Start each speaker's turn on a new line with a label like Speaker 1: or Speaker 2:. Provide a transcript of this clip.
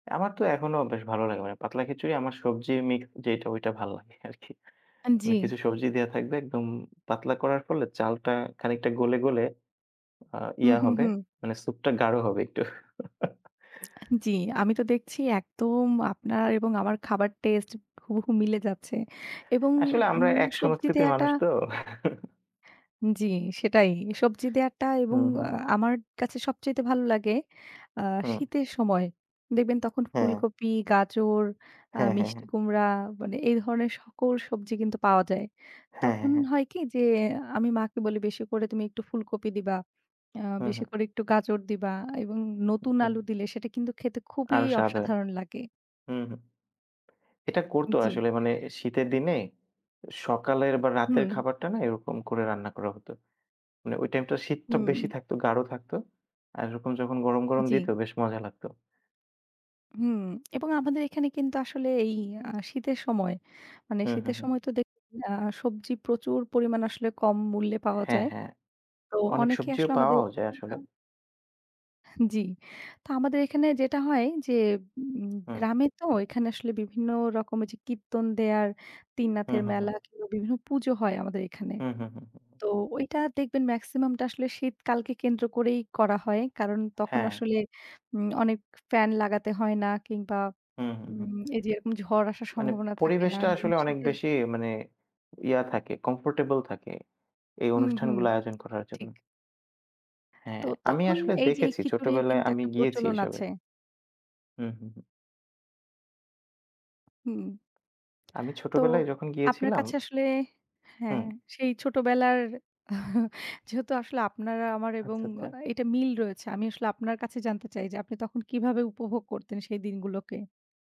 Speaker 1: আমার তো এখনো বেশ ভালো লাগে। মানে পাতলা খিচুড়ি আমার সবজি মিক্স যেইটা ঐটা ভাল লাগে আরকি।
Speaker 2: আ
Speaker 1: মানে
Speaker 2: জি।
Speaker 1: কিছু সবজি দেয়া থাকবে একদম পাতলা করার ফলে চালটা খানিকটা গলে, গলে আ
Speaker 2: হুম,
Speaker 1: ইয়া
Speaker 2: হুম,
Speaker 1: হবে
Speaker 2: হুম।
Speaker 1: মানে সুপটা গাঢ় হবে একটু।
Speaker 2: জি আমি তো দেখছি একদম আপনার এবং আমার খাবার টেস্ট হুবহু মিলে যাচ্ছে এবং
Speaker 1: আসলে আমরা
Speaker 2: উম
Speaker 1: এক
Speaker 2: সবজি
Speaker 1: সংস্কৃতির
Speaker 2: দেয়াটা
Speaker 1: মানুষ তো।
Speaker 2: জি সেটাই সবজি দেয়াটা এবং
Speaker 1: হুম, হুম।
Speaker 2: আ আমার কাছে সবচাইতে ভালো লাগে আ
Speaker 1: হুম।
Speaker 2: শীতের সময়। দেখবেন তখন
Speaker 1: হ্যাঁ।
Speaker 2: ফুলকপি, গাজর, আ
Speaker 1: হ্যাঁ, হ্যাঁ,
Speaker 2: মিষ্টি
Speaker 1: হ্যাঁ।
Speaker 2: কুমড়া মানে এই ধরনের সকল সবজি কিন্তু পাওয়া যায়।
Speaker 1: হ্যাঁ, হ্যাঁ,
Speaker 2: তখন
Speaker 1: হ্যাঁ।
Speaker 2: হয় কি যে আমি মাকে বলি বেশি করে তুমি একটু ফুলকপি দিবা আ
Speaker 1: হুম,
Speaker 2: বেশি
Speaker 1: হুম।
Speaker 2: করে একটু গাজর দিবা এবং নতুন আলু দিলে সেটা কিন্তু খেতে খুবই
Speaker 1: আরও স্বাদ হয়
Speaker 2: অসাধারণ লাগে।
Speaker 1: হুম, হুম এটা করতো
Speaker 2: জি।
Speaker 1: আসলে মানে শীতের দিনে সকালের বা রাতের
Speaker 2: হুম।
Speaker 1: খাবারটা না এরকম করে রান্না করা হত। মানে ওই টাইমটা শীতটা
Speaker 2: হুম।
Speaker 1: বেশি থাকতো, গাঢ় থাকত আর এরকম যখন গরম
Speaker 2: আ
Speaker 1: গরম
Speaker 2: জি।
Speaker 1: দিত বেশ মজা লাগতো।
Speaker 2: হুম এবং আমাদের এখানে কিন্তু আসলে এই আ শীতের সময়, মানে
Speaker 1: হুম, হুম,
Speaker 2: শীতের
Speaker 1: হুম।
Speaker 2: সময় তো দেখুন আ সবজি প্রচুর পরিমাণ আসলে কম মূল্যে পাওয়া
Speaker 1: হ্যাঁ,
Speaker 2: যায়।
Speaker 1: হ্যাঁ।
Speaker 2: তো
Speaker 1: অনেক
Speaker 2: অনেকে
Speaker 1: সবজিও
Speaker 2: আসলে আমাদের
Speaker 1: পাওয়াও যায় আসলে।
Speaker 2: আম জি তো আমাদের এখানে যেটা হয়, যে উম
Speaker 1: হুম।
Speaker 2: গ্রামে তো ঐখানে আসলে বিভিন্ন রকমের যে কীর্তন দেয়ার
Speaker 1: হুম,
Speaker 2: তিননাথের
Speaker 1: হুম,
Speaker 2: মেলা,
Speaker 1: হুম।
Speaker 2: কিনবা বিভিন্ন পুজো হয় আমাদের এখানে।
Speaker 1: হুম, হুম, হুম, হুম।
Speaker 2: তো ঐটা দেখবেন মেক্সিমামটা আসলে শীত কালকে কেন্দ্র করেই করা হয় কারণ তখন
Speaker 1: হ্যাঁ।
Speaker 2: আসলে উম অনেক ফ্যান লাগাতে হয় না কিংবা
Speaker 1: হুম, হুম, হুম।
Speaker 2: উম এই যে এরকম ঝড় আসার
Speaker 1: মানে
Speaker 2: সম্ভাবনা থাকে না
Speaker 1: পরিবেশটা
Speaker 2: এবং
Speaker 1: আসলে অনেক
Speaker 2: শীতের
Speaker 1: বেশি মানে ইয়া থাকে কমফোর্টেবল থাকে এই
Speaker 2: হুম, হুম
Speaker 1: অনুষ্ঠানগুলো আয়োজন করার জন্য।
Speaker 2: ঠিক।
Speaker 1: হ্যাঁ,
Speaker 2: তো
Speaker 1: আমি
Speaker 2: তখন
Speaker 1: আসলে
Speaker 2: এই যে এই
Speaker 1: দেখেছি,
Speaker 2: খিচুড়ির
Speaker 1: ছোটবেলায়
Speaker 2: কিন্তু
Speaker 1: আমি
Speaker 2: একটা
Speaker 1: গিয়েছি
Speaker 2: প্রচলন
Speaker 1: এসবে।
Speaker 2: আছে।
Speaker 1: হুম, হুম, হুম।
Speaker 2: হুম।
Speaker 1: আমি
Speaker 2: তো
Speaker 1: ছোটবেলায় যখন
Speaker 2: আপনার
Speaker 1: গিয়েছিলাম
Speaker 2: কাছে আসলে
Speaker 1: হুম।
Speaker 2: হ্যাঁ সেই ছোটবেলার যেহেতু আসলে আপনারা আমার এবং
Speaker 1: আচ্ছা,
Speaker 2: আ
Speaker 1: আচ্ছা।
Speaker 2: এটা মিল রয়েছে। আমি আসলে আপনার কাছে জানতে চাই যে আপনি তখন কিভাবে উপভোগ করতেন সেই দিনগুলোকে?